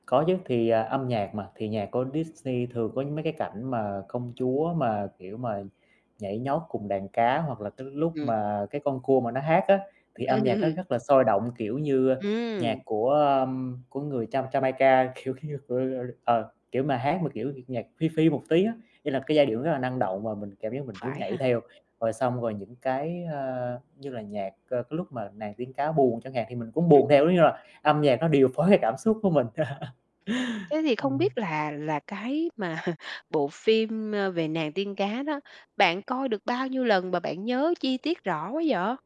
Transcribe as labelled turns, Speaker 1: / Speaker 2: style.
Speaker 1: Có chứ, thì, à, âm nhạc mà, thì nhạc của Disney thường có mấy cái cảnh mà công chúa mà, kiểu, mà nhảy nhót cùng đàn cá, hoặc là tới lúc
Speaker 2: Ừm.
Speaker 1: mà cái con cua mà nó hát á thì âm nhạc nó rất là sôi động. Kiểu như nhạc
Speaker 2: Ừm.
Speaker 1: của, ờm, của người Jam Jamaica, kiểu như ờ, kiểu mà, hát mà kiểu nhạc Phi Phi một tí á, ý là cái giai điệu nó rất là năng động và mình cảm giác mình nhún
Speaker 2: Phải
Speaker 1: nhảy
Speaker 2: ha.
Speaker 1: theo. Rồi xong rồi những cái, ơ, như là nhạc, ơ, cái lúc mà Nàng tiên cá buồn chẳng hạn, thì mình cũng
Speaker 2: Ừm,
Speaker 1: buồn
Speaker 2: ừm.
Speaker 1: theo, giống như là âm nhạc nó điều phối cái cảm xúc của mình.
Speaker 2: Thế thì không
Speaker 1: Ừm.
Speaker 2: biết là là cái mà bộ phim, ơ, về Nàng tiên cá đó, bạn coi được bao nhiêu lần mà bạn nhớ chi tiết rõ quá vậy?